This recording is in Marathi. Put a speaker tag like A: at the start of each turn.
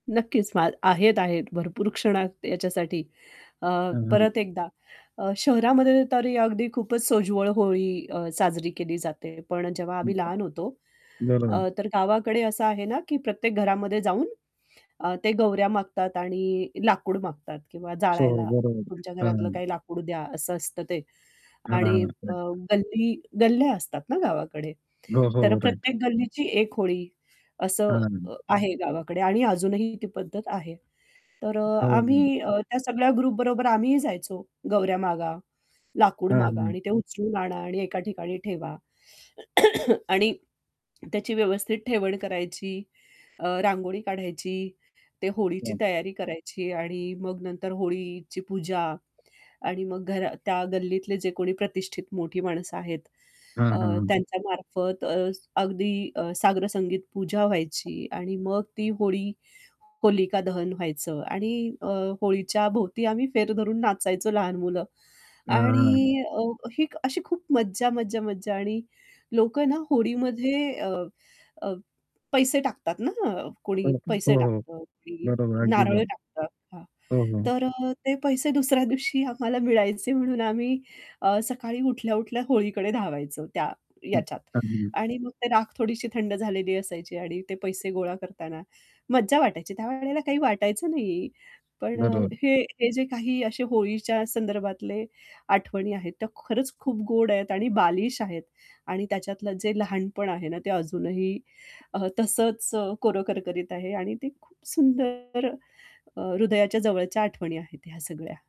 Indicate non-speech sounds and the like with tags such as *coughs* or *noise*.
A: नक्कीच *unintelligible* आहेत-आहेत. भरपूर क्षणात याच्यासाठी. अ,
B: हं, हं.
A: परत एकदा अ, शहरामध्ये तरी अगदी खूपच सोज्वळ होळी अ, साजरी केली जाते, पण जेव्हा आम्ही
B: *unintelligible*
A: लहान होतो,
B: बरोबर.
A: अ, तर गावाकडे असं आहे ना, की प्रत्येक घरामध्ये जाऊन अ, ते गोवऱ्या मागतात आणि लाकूड मागतात किंवा
B: सो हो,
A: जाळायला तुमच्या घरातलं
B: बरोबर *unintelligible*
A: काही लाकूड द्या असं असतं ते
B: हां,
A: आणि
B: हां.
A: अ,
B: राइट.
A: गल्ली गल्ल्या असतात ना गावाकडे,
B: हो, हो,
A: तर
B: हो, राइट.
A: प्रत्येक गल्लीची 1 होळी असं अ,
B: हां.
A: आहे गावाकडे आणि अजूनही ती पद्धत आहे तर
B: हो.
A: आम्ही अ, त्या सगळ्या ग्रुपबरोबर आम्हीही जायचो गोवऱ्या मागा, लाकूड
B: हां,
A: मागा
B: हां.
A: आणि ते उचलून आणा आणि एका ठिकाणी ठेवा. *coughs* आणि त्याची व्यवस्थित ठेवण करायची, अ, रांगोळी काढायची, ते होळीची
B: हं.
A: तयारी करायची आणि मग नंतर होळीची पूजा आणि मग घरा त्या गल्लीतले जे कोणी प्रतिष्ठित मोठी माणसं आहेत.
B: हां,
A: अ,
B: हां, हां.
A: त्यांच्यामार्फत अ, अगदी अ, साग्रसंगीत पूजा व्हायची आणि मग ती होळी होलिका दहन व्हायचं आणि अ, होळीच्या भोवती आम्ही फेर धरून नाचायचो लहान मुलं आणि अ,
B: *unintelligible*
A: ही अशी खूप मज्जा, मज्जा, मज्जा आणि लोकं ना होळीमध्ये अ, अ, पैसे टाकतात ना. कोणी
B: *unintelligible* हो,
A: पैसे
B: हो.
A: टाकतं, कोणी
B: बरोबर आहे अगदी
A: नारळ
B: बरोबर.
A: टाकतं हां,
B: हो, हो.
A: तर अ, ते पैसे दुसऱ्या दिवशी आम्हाला मिळायचे म्हणून आम्ही अ, सकाळी उठल्या-उठल्या होळीकडे धावायचो त्या याच्यात.
B: *unintelligible*
A: आणि मग ते राख थोडीशी थंड झालेली असायची आणि ते पैसे गोळा करताना मज्जा वाटायची. त्यावेळेला काही वाटायचं नाही. पण अ,
B: बरोबर.
A: हे हे जे काही असे होळीच्या संदर्भातले आठवणी आहेत, त्या खरंच खूप गोड आहेत आणि बालिश आहेत आणि त्याच्यातलं जे लहानपण आहे ना ते अजूनही अ, तसंच कोरं करकरीत आहे आणि ते खूप सुंदर अ, हृदयाच्या जवळच्या आठवणी आहेत ह्या सगळ्या.